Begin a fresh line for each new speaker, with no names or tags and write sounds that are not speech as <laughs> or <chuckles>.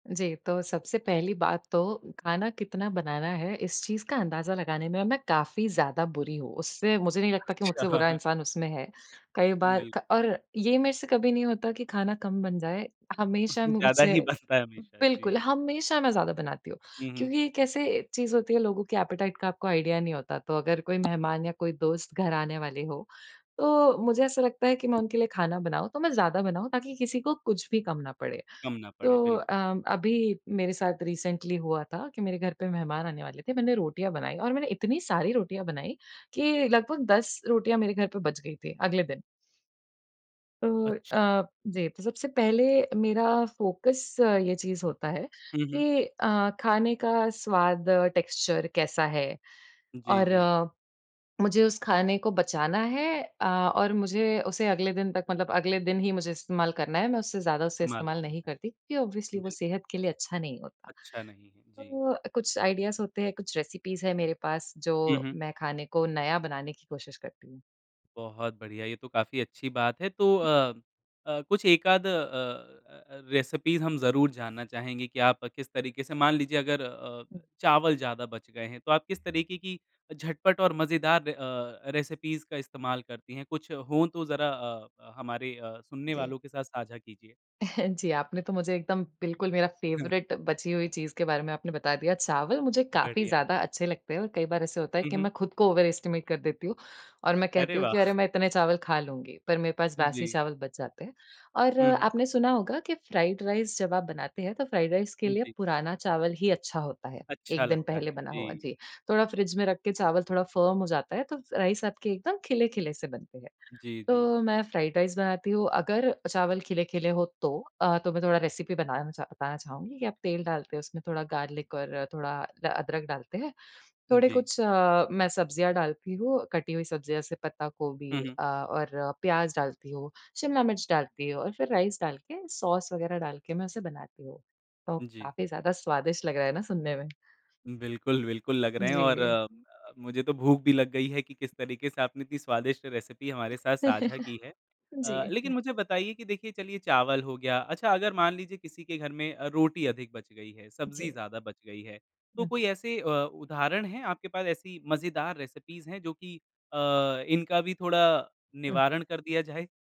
जी, तो सबसे पहली बात तो खाना कितना बनाना है इस चीज़ का अंदाज़ा लगाने में अम, मैं काफ़ी ज़्यादा बुरी हूँ। उससे मुझे नहीं लगता कि मुझसे
अच्छा।
बुरा
<laughs>
इंसान उसमें है। कई बार
बिल्क
ख और ये मेरे से कभी नहीं होता कि खाना कम बन जाए। हमेशा
<chuckles> ज़्यादा
मुझसे
ही बनता है हमेशा
बिल्कुल,
जी।
हमेशा मैं ज़्यादा बनाती हूँ।
हुँ, हुँ।
क्योंकि ये कैसे एक चीज़ होती है लोगों की एपेटाइट का आपको आईडिया नहीं होता। तो अगर कोई मेहमान या कोई दोस्त घर आने वाले हों तो मुझे ऐसा लगता है कि मैं उनके लिए खाना बनाऊँ तो मैं ज़्यादा बनाऊँ ताकि किसी को कुछ भी कम ना पड़े।
कम ना पड़े,
तो
बिल्कुल।
अ अभी मेरे साथ रिसेंटली हुआ था, कि मेरे घर पे मेहमान आने वाले थे। मैंने रोटियाँ बनाईं, और मैंने इतनी सारी रोटियाँ बनाईं कि लगभग 10 रोटियाँ मेरे घर पे बच गईं थी अगले दिन। तो
अच्छा।
अ, जी तो सबसे पहले मेरा फोकस ये चीज़ होता है
हुँ, हुँ।
कि अ, खाने का स्वाद टेक्सचर कैसा है?
जी,
और
जी।
मुझे उस खाने को बचाना है अ, और मुझे उसे अगले दिन तक मतलब अगले दिन ही मुझे इस्तेमाल करना है। मैं उससे ज़्यादा उसे
इस्तेमाल
इस्तेमाल
हुँ।
नहीं करती क्योंकि ऑब्वियसली वो
बिल्कुल।
सेहत के लिए अच्छा नहीं होता।
अच्छा नहीं है, जी।
तो कुछ आइडियाज़ होते हैं कुछ रेसिपीज़ है मेरे पास जो
हुँ, हुँ।
मैं खाने को नया बनाने की कोशिश करती हूँ।
बहुत बढ़िया, ये तो काफ़ी अच्छी बात है। तो
जी।
अ अ, कुछ 1 आध अ अ अ, रेसिपीज़ हम ज़रूर जानना चाहेंगे कि आप किस तरीके से मान लीजिए अगर अ,
हुँ।
चावल ज़्यादा बच गए हैं तो आप किस तरीके की झटपट और मज़ेदार अ, रेसिपीज़ का इस्तेमाल करती हैं? कुछ हो तो ज़रा अ अ, हमारे सुनने
जी।
वालों के साथ साझा कीजिए।
<chuckles> जी, आपने तो मुझे एकदम बिल्कुल मेरा
हाँ।
फेवरिट बची हुई चीज के बारे में आपने बता दिया। चावल मुझे काफ़ी
बढ़िया।
ज़्यादा अच्छे लगते हैं और कई बार ऐसा होता है
हुँ,
कि
हुँ।
मैं खुद को ओवर एस्टिमेट कर देती हूँ। और मैं कहती
अरे
हूँ कि अरे
वाह!
मैं इतने चावल खा लूँगी। पर मेरे पास बासी
जी।
चावल बच जाते हैं। और
हुँ, हुँ।
आपने सुना होगा कि फ्राइड राइस जब आप बनाते हैं तो फ्राइड राइस के
उम,
लिए
जी।
पुराना चावल ही अच्छा होता है,
अच्छा
एक दिन
लगता है,
पहले बना हुआ,
जी।
जी। थोड़ा फ्रिज में रख के चावल थोड़ा फर्म हो जाता है तो राइस आपके एकदम खिले-खिले से बनते हैं,
जी, जी।
तो मैं फ्राइड राइस बनाती हूँ। अगर चावल खिले-खिले हो तो। अ, तो मैं थोड़ा रेसिपी बनाना चा बताना चाहूँगी कि आप तेल डालते हो उसमें थोड़ा गार्लिक और थोड़ा अ, अदरक डालते हैं। थोड़े
जी।
कुछ मैं सब्जियाँ डालती हूँ, कटी हुई सब्जियाँ जैसे पत्ता
हुँ,
गोभी
हुँ।
अ, और प्याज डालती हूँ, शिमला मिर्च डालती हूँ और फिर राइस डाल के सॉस वगैरह डाल के मैं उसे बनाती हूँ। तो
जी।
काफ़ी ज़्यादा स्वादिष्ट लग रहा है ना सुनने में।
बिल्कुल, बिल्कुल लग रहे हैं, और
जी।
अ अ, मुझे तो भूख भी लग गई है कि किस तरीके से आपने इतनी स्वादिष्ट रेसिपी हमारे साथ साझा की है।
<laughs> जी।
अ, लेकिन
हुँ।
मुझे बताइए कि देखिए चलिए चावल हो गया अच्छा अगर मान लीजिए किसी के घर में अ, रोटी अधिक बच गई है, सब्जी
जी।
ज़्यादा बच गई है। तो कोई
हुँ।
ऐसे अ, उदाहरण हैं आपके पास ऐसी मज़ेदार रेसिपीज़ हैं जो कि अ, इनका भी थोड़ा
उ
निवारण कर दिया जाए।